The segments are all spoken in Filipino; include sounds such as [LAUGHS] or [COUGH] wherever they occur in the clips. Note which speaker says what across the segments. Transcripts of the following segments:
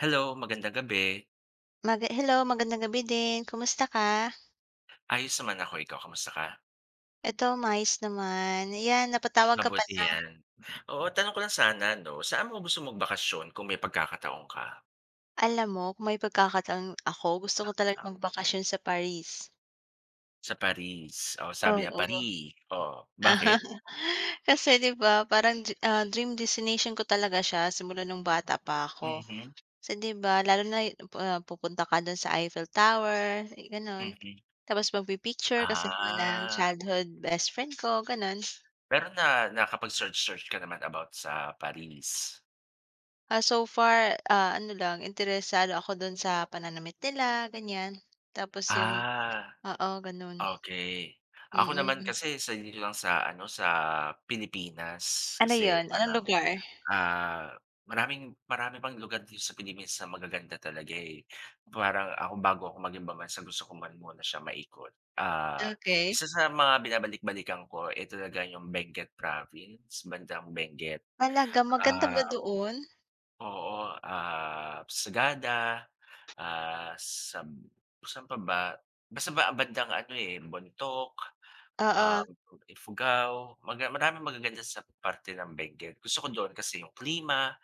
Speaker 1: Hello, magandang gabi.
Speaker 2: Maga hello, magandang gabi din, kumusta ka?
Speaker 1: Ayos naman ako, ikaw kamusta ka?
Speaker 2: Eto maayos naman, yan napatawag ka
Speaker 1: Mabuti
Speaker 2: pala.
Speaker 1: 'yan. Oo, tanong ko lang sana 'no, saan mo gusto magbakasyon kung may pagkakataon ka?
Speaker 2: Alam mo kung may pagkakataon [CLICKS TONGUE] ako, gusto ko talagang magbakasyon sa Paris.
Speaker 1: Sa Paris oh, sabi niya
Speaker 2: Oo.
Speaker 1: Pari. Oh, bakit?
Speaker 2: [LAUGHS] Kasi, 'di ba, parang drea ah, dream destination ko talaga siya simula no'ng bata pa ako,
Speaker 1: Mhm.
Speaker 2: kasi 'di ba lalo na 'yu ah, pupunta ka do'n sa Eiffel Tower gano'n,
Speaker 1: Mhm.
Speaker 2: tapos magpi-picture kasama ng
Speaker 1: Ah.
Speaker 2: childhood best friend ko gano'n.
Speaker 1: Pero na nakapag-search, search ka naman about sa Paris?
Speaker 2: Ah, so far, ah, ano lang interesado ako do'n sa pananamit nila ganyan, tapos 'yong
Speaker 1: Ah,
Speaker 2: oo gano'n.
Speaker 1: okey. Ako naman
Speaker 2: Mm.
Speaker 1: kasi sa dito lang sa, ano, sa Pilipinas
Speaker 2: Ano
Speaker 1: kasi
Speaker 2: 'yon? anong
Speaker 1: parang,
Speaker 2: lugar? [EXHALES]
Speaker 1: ah, maraming marami pang lugar dito sa Philippines na magaganda talaga eh, parang ako bago ako mag-ibang bansa gusto ko man muna siya maikot. Ah, isa
Speaker 2: Okey.
Speaker 1: sa mga binabalik-balikan ko eh, talaga 'yong Benguet Province bandang Benguet
Speaker 2: Talaga, maganda
Speaker 1: ah,
Speaker 2: ba doon?
Speaker 1: oo ah, Sagada, ah, sab saan pa ba? Basta ba bandang ano eh, Bontoc, um,
Speaker 2: Oo.
Speaker 1: Ifugao, maga maraming magaganda sa parte ng Benguet, gusto ko do'n kasi 'yong klima,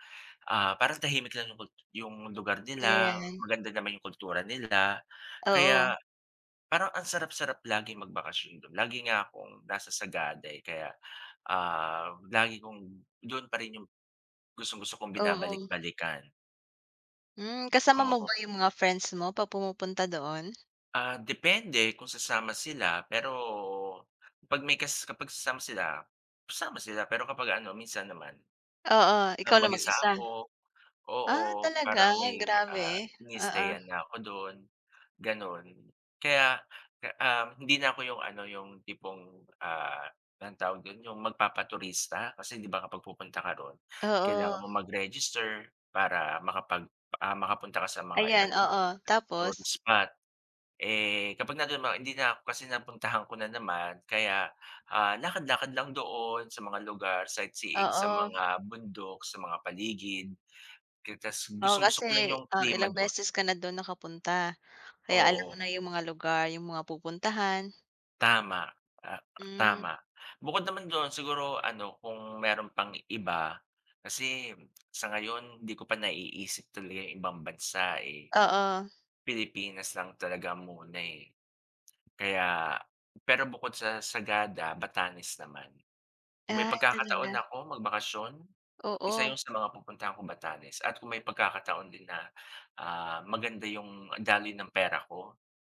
Speaker 1: ah, parang tahimik lang 'yong kul 'yong lugar nila
Speaker 2: Ayan.
Speaker 1: maganda naman 'yong kultura nila
Speaker 2: Oo.
Speaker 1: kaya parang ang sarap-sarap laging magbakasyon do'n. Lagi nga akong nasa Sagada eh, kaya, um, lagi kong do'n pa rin 'yong gustong-gusto kong
Speaker 2: Oo.
Speaker 1: binabalik-balikan.
Speaker 2: Hmm, kasama mo ba
Speaker 1: Oo.
Speaker 2: yung mga friends mo pa pumupunta doon?
Speaker 1: Ah, depende kung sasama sila, pero pag may kas kapag sasama sila, sasama sila, pero kapag ano minsan naman,
Speaker 2: Oo,
Speaker 1: na
Speaker 2: ikaw lang
Speaker 1: mag-isa
Speaker 2: mag-isa?
Speaker 1: ako, oo.
Speaker 2: Ah, talaga?
Speaker 1: Parang may, ah,
Speaker 2: Grabe, oo.
Speaker 1: iniistayan na ko dun, ganon. Kaya, ah, hindi na ko yung ano, yung tipong, ah, anong tawag dun yung magpapaturista, kasi 'di ba kapag pupunta ka ron, kailangan
Speaker 2: Oo.
Speaker 1: mong mag-register para makapag, ah, makapunta ka sa mga iba't
Speaker 2: Ayan,
Speaker 1: ibang
Speaker 2: oo. Tapos?
Speaker 1: tourist spot. Eh, kapag nama hindi na ko kasi napuntahan ko na naman, kaya, ah, lakad-lakad lang doon sa mga lugar, sightseeing sa
Speaker 2: Oo.
Speaker 1: mga bundok, sa mga paligid [UNINTELLIGIBLE]
Speaker 2: Oo,
Speaker 1: gustong-gusto ko lang
Speaker 2: kasi,
Speaker 1: yung
Speaker 2: oh,
Speaker 1: klima
Speaker 2: ilang
Speaker 1: dun.
Speaker 2: beses ka na dun nakapunta, kaya alam ko
Speaker 1: Oo.
Speaker 2: na yung mga lugar, yung mga pupuntahan.
Speaker 1: Tama, ah,
Speaker 2: Mm.
Speaker 1: tama. Bukod naman dun siguro ano kung meron pang iba, kasi sa ngayon 'di ko pa naiisip talaga yung ibang bansa eh.
Speaker 2: Oo.
Speaker 1: Pilipinas lang talaga muna eh. Kaya pero bukod sa Sagada, Batanes naman. Kung may
Speaker 2: Ay,
Speaker 1: pagkakataon
Speaker 2: talaga.
Speaker 1: ako magbakasyon, isa
Speaker 2: Oo.
Speaker 1: 'yong sa mga pupuntahan ko Batanes, at kung may pagkakataon din na, ah, maganda 'yong daloy ng pera ko,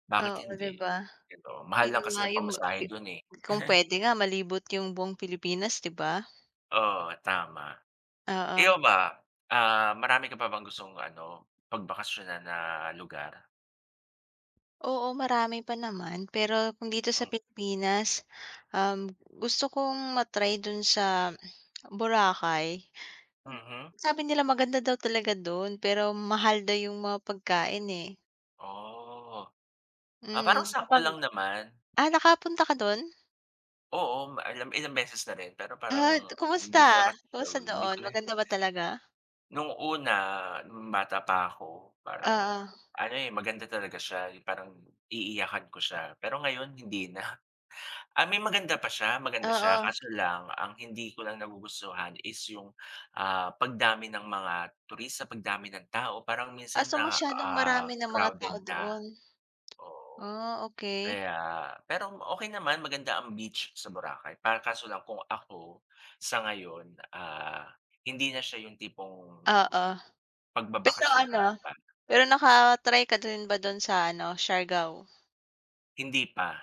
Speaker 1: bakit
Speaker 2: Oo, 'di
Speaker 1: hindi.
Speaker 2: ba.
Speaker 1: [UNINTELLIGIBLE] mahal
Speaker 2: Yun
Speaker 1: lang kasi
Speaker 2: nga
Speaker 1: ng
Speaker 2: yung ma
Speaker 1: pamasahe
Speaker 2: i
Speaker 1: don, eh,
Speaker 2: kung pwede nga
Speaker 1: [CHUCKLES]
Speaker 2: malibot yung buong Pilipinas 'di ba.
Speaker 1: Oo, tama. Ikaw
Speaker 2: Oo.
Speaker 1: ba, ah, marami ka pa bang gustong ano, pag bakasyon na lugar?
Speaker 2: Oo, marami pa naman pero kung dito sa
Speaker 1: Hmm.
Speaker 2: Pilipinas, um, gusto kong ma-try dun sa [CLICKS TONGUE] Boracay.
Speaker 1: Mhm.
Speaker 2: Sabi nila maganda daw talaga do'n pero mahal daw 'yong mga pagkain eh.
Speaker 1: Oh. Ah parang
Speaker 2: Hmm,
Speaker 1: sakto
Speaker 2: kapag
Speaker 1: lang naman.
Speaker 2: Ah nakapunta ka doon?
Speaker 1: Oo, ma ila ilang beses na rin pero parang
Speaker 2: Ah,
Speaker 1: hindi
Speaker 2: kumusta
Speaker 1: ko na kasi siya
Speaker 2: kumusta
Speaker 1: hindi
Speaker 2: doon
Speaker 1: ko na
Speaker 2: maganda ba talaga?
Speaker 1: Noong una, bata pa ako, parang
Speaker 2: Oo.
Speaker 1: ano eh, maganda talaga siya, 'yong parang iiyakan ko siya pero ngayon hindi na, ah, may maganda pa siya maganda siya
Speaker 2: Oo.
Speaker 1: kaso lang ang hindi ko lang nagugustuhan is 'yong, ah, pagdami ng mga turista, pagdami ng tao parang
Speaker 2: Ah
Speaker 1: minsan
Speaker 2: so,
Speaker 1: na,
Speaker 2: masyadong
Speaker 1: ah,
Speaker 2: marami ng mga
Speaker 1: crowded
Speaker 2: tao
Speaker 1: na,
Speaker 2: doon? [TSK]
Speaker 1: oo,
Speaker 2: Ah, okay.
Speaker 1: kaya pero okay naman maganda ang beach sa Boracay pa kaso lang kung ako, sa ngayon, ah, hindi na siya 'yong tipong,
Speaker 2: Oo, pero,
Speaker 1: pagbabakasyonan
Speaker 2: ano,
Speaker 1: ba.
Speaker 2: pero naka-try ka din ba do'n sa ano, Siargao?
Speaker 1: Hindi pa.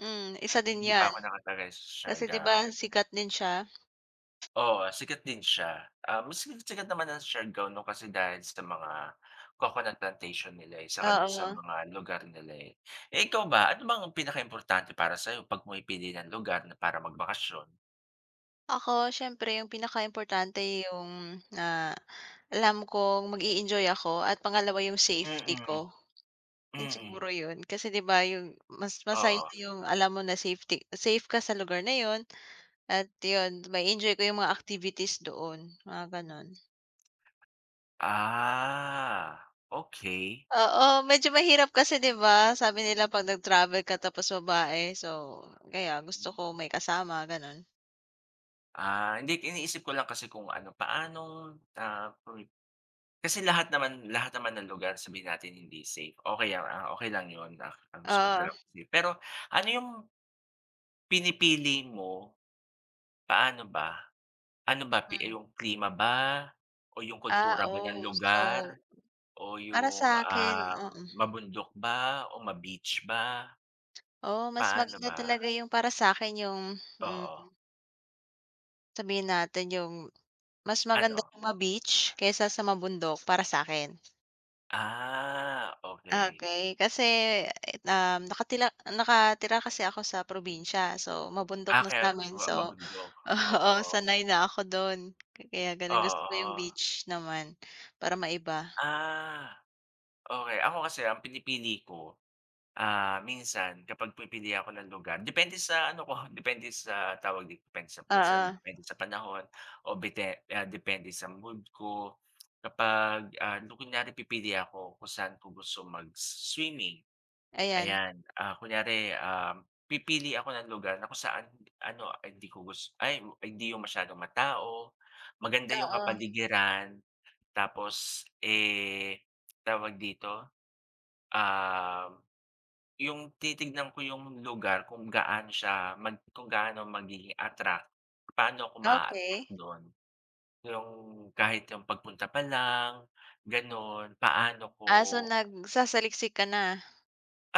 Speaker 2: Hmm, isa din
Speaker 1: Hindi pa
Speaker 2: 'yan.
Speaker 1: ako naka-try sa
Speaker 2: Kasi 'di ba,
Speaker 1: Siargao.
Speaker 2: sikat din siya?
Speaker 1: Oo, sikat din siya, um, mas si sikat naman ang Siargao 'no, kasi dahil sa mga coconut plantation nila, eh, saka do'n sa
Speaker 2: Oo.
Speaker 1: mga lugar nila, eh. Eh, ikaw ba, ano bang pinakaimportante para sa'yo 'pag pumipili ng lugar na para magbakasyon?
Speaker 2: Ako, siyempre 'yong pinakaimportante 'yong, ah, alam kong mag-eenjoy ako at pangalawa 'yong
Speaker 1: Mm
Speaker 2: safety
Speaker 1: mm,
Speaker 2: ko. 'Yun
Speaker 1: mm mm.
Speaker 2: siguro 'yon, kasi 'di ba, 'yong mas masaya
Speaker 1: Oo.
Speaker 2: yung alam mo na safety safe ka sa lugar na 'yon at 'yon, ma-e-enjoy ko 'yong mga activities doon, mga gano'n.
Speaker 1: Ah, okey.
Speaker 2: Oo, medyo mahirap kasi 'di ba? Sabi nila 'pag nag-travel ka tapos babae so, kaya gusto ko may kasama, gano'n.
Speaker 1: Ah, hindi't iniisip ko lang kasi kung ano paanong, ah, pumip kasi lahat naman lahat naman ng lugar sabihin natin hindi safe o kaya ang okey lang 'yon ak ang gusto mo dalo
Speaker 2: Oo.
Speaker 1: sige pero, ano yo'ng ...pinipili mo. Paano ba? Ano ba pi
Speaker 2: Hmm.
Speaker 1: iyong klima ba, o 'yong
Speaker 2: Ah,
Speaker 1: kultura ba ng
Speaker 2: oh, so
Speaker 1: lugar, o
Speaker 2: para
Speaker 1: 'yong,
Speaker 2: sa akin,
Speaker 1: ah,
Speaker 2: mm mm.
Speaker 1: mabundok ba o ma-beach ba?
Speaker 2: Oh, mas
Speaker 1: Paano
Speaker 2: maganda
Speaker 1: ba?
Speaker 2: talaga 'yong para sa'kin 'yong mhm.
Speaker 1: Oo.
Speaker 2: Sabihin natin yung, mas maganda
Speaker 1: Ano?
Speaker 2: yung ma-beach kaysa sa mabundok para sakin.
Speaker 1: Ah, okey.
Speaker 2: Okey. Kasi na nakalira nakatira kasi ako sa probinsya, so mabundok
Speaker 1: Ah,
Speaker 2: na
Speaker 1: kaya
Speaker 2: samin,
Speaker 1: ma
Speaker 2: so
Speaker 1: mabundok,
Speaker 2: oo,
Speaker 1: oo.
Speaker 2: sanay na ako dun. Kaya ganon, gusto yung
Speaker 1: Oo.
Speaker 2: beach naman, para maiba.
Speaker 1: Ah, okey. Ako kasi ang pinipili ko, ah, minsan kapag pipili ako ng lugar, depende sa ano ko, depende sa tawag di depende minsan,
Speaker 2: Oo.
Speaker 1: depende sa panahon o bite ah, depende sa mood ko. Kapag, ah, yung kunyari pipili ako kung san ko gusto mag-swimming,
Speaker 2: Ayan.
Speaker 1: ayan. Ah, kunyari, ah, pipili ako ng lugar na kung saan ano, ah, hindi ko gus ay, hindi yung masyadong matao, maganda yung
Speaker 2: Oo.
Speaker 1: kapaligiran tapos, eh, tawag dito, ah, yung titignan ko yung lugar kung gaano siya mag kung gaano magiging attract pano ko ma-attract
Speaker 2: Okey.
Speaker 1: dun. Yung kahit yung pagpunta pa Lang, ganon. Paano ko
Speaker 2: Ah, so nagsasaliksik ka na,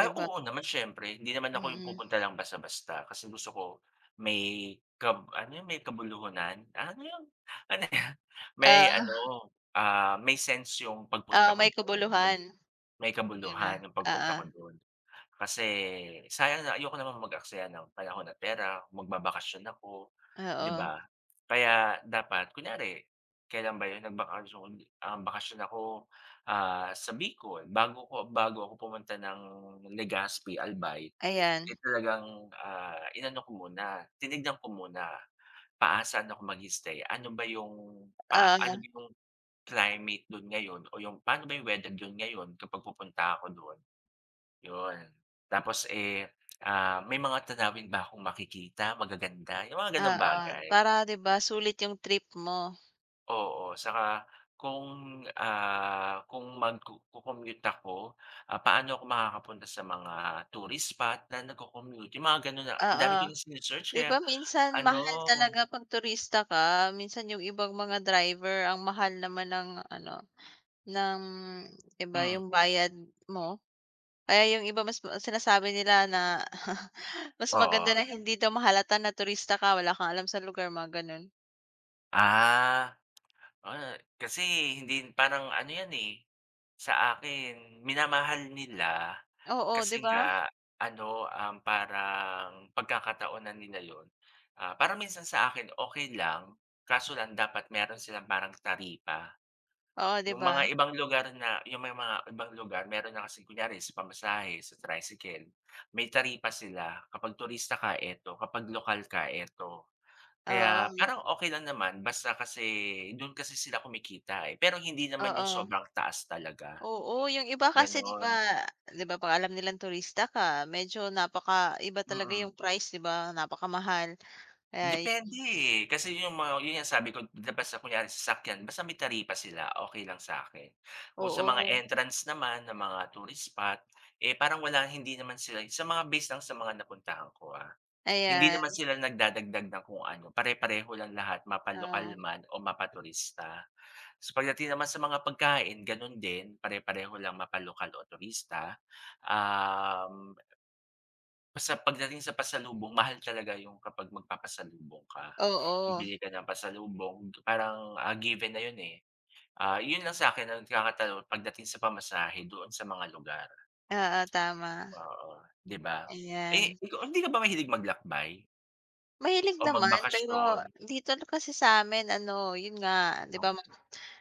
Speaker 2: 'di ba?
Speaker 1: oo naman, siyempre, hindi naman
Speaker 2: Mm
Speaker 1: ako yung
Speaker 2: mm.
Speaker 1: pupunta lang basta-basta, kasi gusto ko may kab ano 'yon may kabuluhan, ah, ano 'yon? Ano 'yon? May ano,
Speaker 2: Ah.
Speaker 1: ah, may sense 'yong pagpunta
Speaker 2: Oo,
Speaker 1: ko
Speaker 2: may
Speaker 1: do'n yung mag
Speaker 2: kubuluhan.
Speaker 1: may
Speaker 2: 'Di ba?
Speaker 1: kabuluhan 'yong pagpunta
Speaker 2: Oo.
Speaker 1: ko do'n. Kasi, sayang na ayoko naman mag aksaya ng panahon at pera, magbabakasyon ako, 'di
Speaker 2: Oo.
Speaker 1: ba? Kaya dapat kunyari kailan ba 'yon nagbakasyon um, bakasyon ako, ah, sa Bicol. Bago ko bago ako pumunta ng Legaspi, Albay,
Speaker 2: Ayan.
Speaker 1: eh, talagang, ah, inano ko muna, tinignan ko muna, paa san ako mag i-stay, ano ba 'yong pa ano
Speaker 2: Oo.
Speaker 1: ba 'yong climate do'n ngayon o 'yong pano ba 'yong weather do'n ngayon kapag pupunta ako do'n? 'Yun. Tapos, eh, ah, may mga tanawin ba kong makikita magaganda, yung mga ganong
Speaker 2: Oo,
Speaker 1: bagay.
Speaker 2: para 'di ba, sulit yung trip mo.
Speaker 1: Oo, saka kung, ah, kung magku co-commute ako, paano ako makakapunta sa mga tourist spot na nagko-commute? Yung mga gano'n na ang
Speaker 2: Oo,
Speaker 1: dami ko ng sini-search
Speaker 2: 'di
Speaker 1: kaya
Speaker 2: ba, minsan
Speaker 1: ano
Speaker 2: mahal talaga 'pag turista ka, minsan yung ibang mga driver ang mahal naman ng ano, ng iba
Speaker 1: Hmm.
Speaker 2: yung bayad mo. Kaya yung iba mas sinasabi nila na [CHUCKLES] mas maganda
Speaker 1: Oo.
Speaker 2: na hindi daw mahalata na turista ka, wala kang alam sa lugar mo gano'n.
Speaker 1: Ah, oo, kasi hindi parang ano 'yan, eh, sa akin minamahal nila
Speaker 2: Oo, 'di
Speaker 1: kasi
Speaker 2: ba?
Speaker 1: nga ano, um, parang pagkakataon na nila 'yon. Ah, parang minsan sa akin okey lang, kaso lang dapat meron silang parang taripa.
Speaker 2: Oo, 'di
Speaker 1: Yung
Speaker 2: ba?
Speaker 1: mga ibang lugar na yung may mga ibang lugar meron na kasing kunyari sa pamasahe sa tricycle, may taripa sila kapag turista ka eto, kapag lokal ka eto. Kaya
Speaker 2: Oo.
Speaker 1: parang okey lang naman basta kasi doon kasi sila kumikita, eh, pero hindi naman yung
Speaker 2: Oo.
Speaker 1: sobrang taas talaga.
Speaker 2: Oo, yung iba kasi 'di ba
Speaker 1: Gano'n.
Speaker 2: 'di ba, 'pag alam nilang turista ka medyo napakaiba talaga
Speaker 1: Mm.
Speaker 2: yung price, di ba, napakamahal kaya 'yon.
Speaker 1: Depende, eh, kasi yung mga 'yon nga ang sabi ko, basta kunwari sasakyan basta may taripa sila, okey lang sa akin. Kung sa mga
Speaker 2: Oo.
Speaker 1: entrance naman ng mga tourist spot, eh, parang wala hindi naman sila sa mga base lang sa mga napuntahan ko, ah. Hindi naman
Speaker 2: Ayan.
Speaker 1: sila nagdadagdag ng kung ano pare-pareho lang lahat mapalokal
Speaker 2: Oo.
Speaker 1: man o mapaturista. Sa pagdating naman sa mga pagkain, gano'n din, pare-pareho lang mapalokal o turista, um Basta pagdating sa pasalubong, mahal talaga yung kapag magpapasalubong ka.
Speaker 2: Oo.
Speaker 1: Bibili ka ng pasalubong parang, ah, given na 'yon, eh. Ah,'yon lang sa akin ang nagkakatalo pagdating sa pamasahe doon sa mga lugar.
Speaker 2: Oo, tama.
Speaker 1: Oo, 'di ba? Eh,
Speaker 2: Ayan.
Speaker 1: ikaw, hindi ka ba mahilig maglakbay?
Speaker 2: Mahilig
Speaker 1: O
Speaker 2: naman, pero
Speaker 1: magbakasyon.
Speaker 2: dito kasi sa'min ano yun nga, 'di ba ma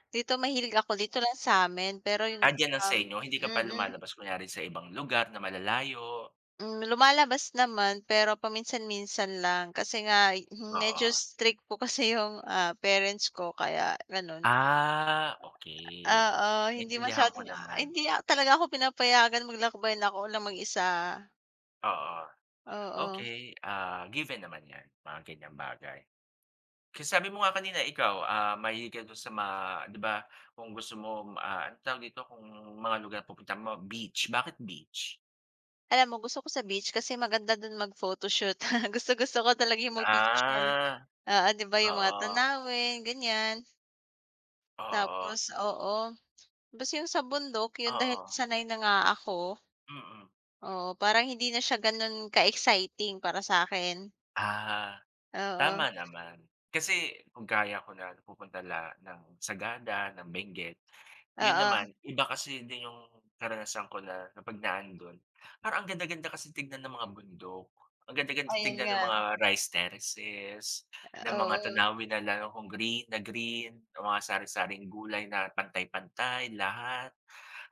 Speaker 2: dito mahilig ako dito lang sa'min, pero yun,
Speaker 1: Ah, diyan lang sa
Speaker 2: um
Speaker 1: inyo, hindi ka pa
Speaker 2: mm.
Speaker 1: lumalabas kunyari sa ibang lugar na malalayo?
Speaker 2: Hmm, lumalabas naman pero paminsan-minsan lang, kasi nga'y, hmm,
Speaker 1: Oo.
Speaker 2: medyo strict po kasi yung, ah, parents ko kaya ganun.
Speaker 1: Ah okey,
Speaker 2: Oo, hindi
Speaker 1: naintindihan ko
Speaker 2: masyadong a
Speaker 1: naman.
Speaker 2: hindi talaga ako pinapayagan maglakbay na ako lang mag-isa.
Speaker 1: Oo,
Speaker 2: Oo.
Speaker 1: okey, ah, given naman yan, mga ganyang bagay. Kasi sabi mo nga kanina ikaw, ah, mahilig ka dun sa ma 'di ba, kung gusto mo, ah, anong tawag dito, kung mga lugar pupuntahan mo beach, bakit beach?
Speaker 2: Alam mo gusto ko sa beach kasi maganda dun mag-photoshoot, [CHUCKLES] gustong-gusto ko talaga yung mag-picture,
Speaker 1: Ah,
Speaker 2: oo 'di ba yung mga
Speaker 1: oo.
Speaker 2: tanawin, ganiyan.
Speaker 1: Oo.
Speaker 2: Tapos oo, basta yung sa bundok yun dahil
Speaker 1: Oo.
Speaker 2: sanay na nga ako
Speaker 1: Mm.
Speaker 2: Oo, parang hindi na siya ganon ka-exciting para sa akin.
Speaker 1: Ah,
Speaker 2: Oo.
Speaker 1: tama naman, kasi kung gaya ko nagpupunta la ng Sagada, ng Benguet, 'yon
Speaker 2: Oo.
Speaker 1: naman iba kasi din 'yong karanasan ko na kapag naando'n, parang ang ganda-ganda kasi tignan ng mga bundok, ang ganda-ganda
Speaker 2: Ayun
Speaker 1: tignan ng
Speaker 2: nga.
Speaker 1: mga rice terraces, ng
Speaker 2: A
Speaker 1: mga
Speaker 2: oo.
Speaker 1: tanawin na lalo kung green na green o mga sari-saring gulay na pantay-pantay, lahat.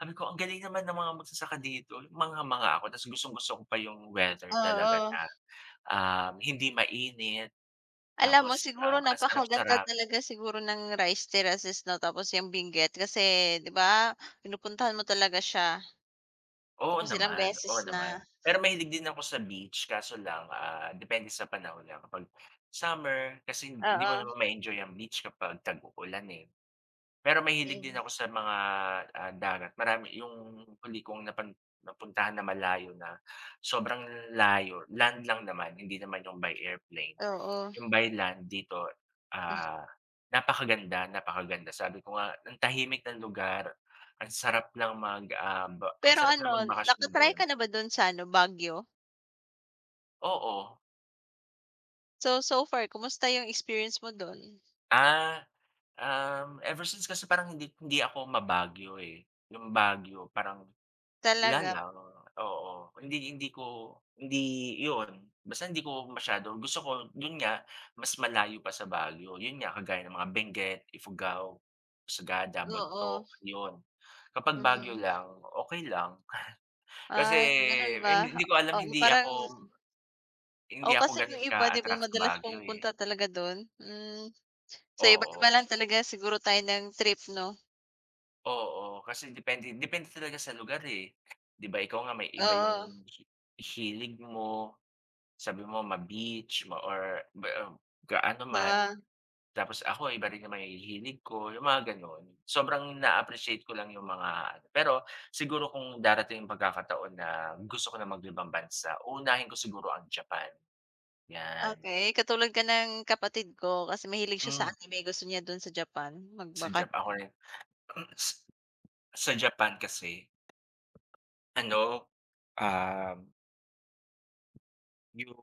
Speaker 1: Sabi ko, "Ang galing naman ng mga magsasaka dito." Mangha-mangha ako, ta's gustong-gusto ko pa yung weather talaga
Speaker 2: Oo.
Speaker 1: na, um, hindi mainit,
Speaker 2: Alam mo
Speaker 1: tapos,
Speaker 2: siguro
Speaker 1: um, ang
Speaker 2: napakaganda
Speaker 1: sarap-sarap.
Speaker 2: talaga siguro ng Rice Terraces no, tapos yung Benguet, kasi 'di ba pinupuntahan mo talaga siya.
Speaker 1: Oo
Speaker 2: Tapos ilang
Speaker 1: naman,
Speaker 2: beses
Speaker 1: oo naman.
Speaker 2: na.
Speaker 1: Pero mahilig din ako sa beach kaso lang, ah, depende sa panahon lang kapag summer, kasi hindi mo
Speaker 2: Oo.
Speaker 1: naman ma-enjoy ang beach kapag tag-ulan, eh. Pero mahilig din
Speaker 2: 'Yon.
Speaker 1: ako sa mga, ah, dagat marami 'yong huli kong napan napuntahan na malayo na sobrang layo, land lang naman, hindi naman 'yong by airplane,
Speaker 2: Oo.
Speaker 1: 'yong by land dito, ah, napakaganda, napakaganda. Sabi ko nga, ang tahimik ng lugar ang sarap lang mag, um, ba
Speaker 2: Pero
Speaker 1: sarap lang
Speaker 2: ano,
Speaker 1: magbakasyon
Speaker 2: naka-try
Speaker 1: do'n.
Speaker 2: ka na ba dun sa ano, Baguio?
Speaker 1: Oo.
Speaker 2: So, so far kamusta yung experience mo dun?
Speaker 1: Ah, um. ever since kasi parang hindi hindi ako ma-Baguio, eh, 'yong Baguio parang, wala
Speaker 2: Talaga?
Speaker 1: lang, oo. Hindi hindi ko hindi 'yon, basta hindi ko masyado gusto ko 'yon nga, mas malayo pa sa Baguio. 'Yon nga, kagaya ng mga Benguet, Ifugao, Sagada,
Speaker 2: Oo.
Speaker 1: Bontoc, 'yon. Kapag
Speaker 2: Mm
Speaker 1: Baguio
Speaker 2: hmm.
Speaker 1: lang, okey lang. [CHUCKLES] Kasi,
Speaker 2: Ay, ganun
Speaker 1: hin
Speaker 2: ba?
Speaker 1: hindi ko alam,
Speaker 2: Oo,
Speaker 1: hindi
Speaker 2: parang
Speaker 1: ako Hindi
Speaker 2: Oo,
Speaker 1: ako
Speaker 2: kasi yung
Speaker 1: ganun
Speaker 2: iba 'di ba
Speaker 1: ka-attract sa
Speaker 2: madalas
Speaker 1: Baguio, eh.
Speaker 2: pumupunta talaga dun, mhm. So iba't
Speaker 1: Oo.
Speaker 2: iba lang talaga siguro tayo ng trip 'no?
Speaker 1: Oo, kasi depende depende talaga sa lugar, eh. 'Di ba ikaw nga may iba
Speaker 2: Oo.
Speaker 1: 'yong hilig mo, sabi mo ma-beach ma or [UNINTELLIGIBLE] gaano man.
Speaker 2: Oo.
Speaker 1: Tapos ako iba rin yung mga hilig ko, 'yong mga gano'n. Sobrang naa-appreciate ko lang 'yong mga pero, siguro kung darating yung pagkakataon na gusto ko ng mag ibang bansa uunahin ko siguro ang Japan, yan.
Speaker 2: Okey, katulad ka ng kapatid ko, kasi mahilig siya sa
Speaker 1: Mhm.
Speaker 2: anime gusto niya dun sa Japan
Speaker 1: Sa Japan ako
Speaker 2: magbakasyon.
Speaker 1: rin. Mm, s Sa Japan kasi Ano, um Yung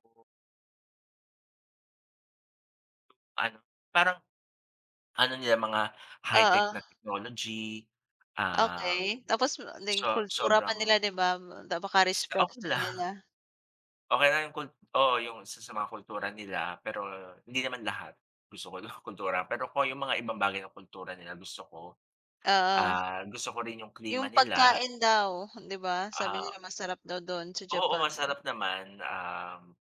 Speaker 1: Ano parang, ano nila mga high tech
Speaker 2: Oo.
Speaker 1: na technology, ah,
Speaker 2: Okay, tapos ma naging
Speaker 1: so
Speaker 2: kultura pa nila,
Speaker 1: sobrang
Speaker 2: 'di ba, ba baka
Speaker 1: S okay
Speaker 2: respectful
Speaker 1: lang.
Speaker 2: nila.
Speaker 1: Okay na yung kul oo, yung isa sa mga kultura nila pero hindi naman lahat gusto ko kultura pero kung yung mga ibang bagay ng kultura nila gusto ko,
Speaker 2: Oo.
Speaker 1: ah, gusto ko rin yung klima
Speaker 2: Yung
Speaker 1: nila.
Speaker 2: pagkain daw, 'di ba? Sabi
Speaker 1: Ah,
Speaker 2: nila masarap daw dun sa
Speaker 1: oo,
Speaker 2: Japan.
Speaker 1: sarap naman, um,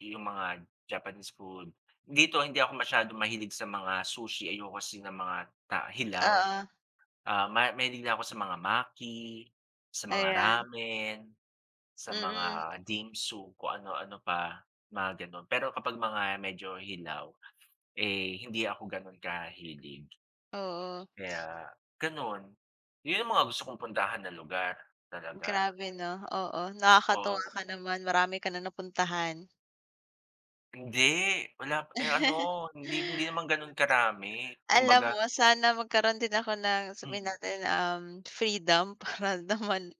Speaker 1: yung mga Japanese food. Dito hindi ako masyadong mahilig sa mga sushi ayoko kasi ng mga ta hilaw.
Speaker 2: Oo.
Speaker 1: Ah, ma mahilig na ako sa mga maki, sa mga
Speaker 2: Ayan.
Speaker 1: Ramen, sa
Speaker 2: Mm
Speaker 1: mga
Speaker 2: mm.
Speaker 1: Dimsum kung ano-ano pa mga ganun. Pero kapag mga medyo hilaw, eh, hindi ako ganun kahilig.
Speaker 2: Oo.
Speaker 1: Kaya ganun yun yung mga gusto kong puntahan na lugar talaga.
Speaker 2: Grabe 'no? Oo, nakakatuwa
Speaker 1: Oo.
Speaker 2: ka naman marami ka na napuntahan.
Speaker 1: Hindi wala pa eh, ano
Speaker 2: [CHUCKLES]
Speaker 1: hindi hindi naman ganun karami,
Speaker 2: Alam
Speaker 1: kumbaga
Speaker 2: mo sana magkaroon din ako ng sabihin
Speaker 1: Mhm.
Speaker 2: natin, um, freedom para naman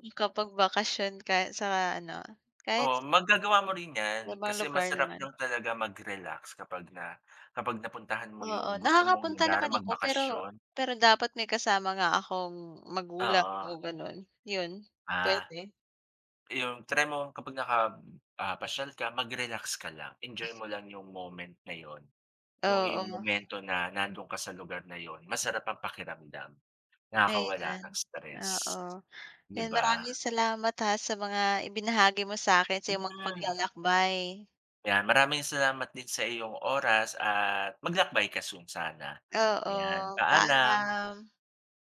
Speaker 2: makapag bakasyon ka sa ano kahit
Speaker 1: Oh, magagawa mo rin yan
Speaker 2: Ibang
Speaker 1: kasi
Speaker 2: lugar
Speaker 1: masarap
Speaker 2: naman.
Speaker 1: lang talaga mag relax kapag na kapag napuntahan mo
Speaker 2: Oo,
Speaker 1: yung gusto mong
Speaker 2: nakakapunta
Speaker 1: lugar
Speaker 2: naman ako pero
Speaker 1: magbakasyon.
Speaker 2: pero dapat may kasama nga akong magulang
Speaker 1: Oo.
Speaker 2: o ganon yun
Speaker 1: Ah,
Speaker 2: pwede.
Speaker 1: iyong try mo kapag naka, ah, pasyal ka mag-relax ka lang, enjoy mo lang yung moment na yun yung iyong
Speaker 2: Oo.
Speaker 1: momento na nandun ka sa lugar na yun masarap ang pakiramdam. Nakakawala
Speaker 2: Ayan,
Speaker 1: ng stress,
Speaker 2: oo,
Speaker 1: 'di
Speaker 2: 'yan
Speaker 1: ba?
Speaker 2: maraming salamat ha sa mga ibinahagi mo sa akin sa
Speaker 1: Mm
Speaker 2: yung mga
Speaker 1: mm.
Speaker 2: paglalakbay.
Speaker 1: Yan maraming salamat din sa iyong oras at maglakbay ka soon sana yan,
Speaker 2: Oo,
Speaker 1: paalam.
Speaker 2: paalam!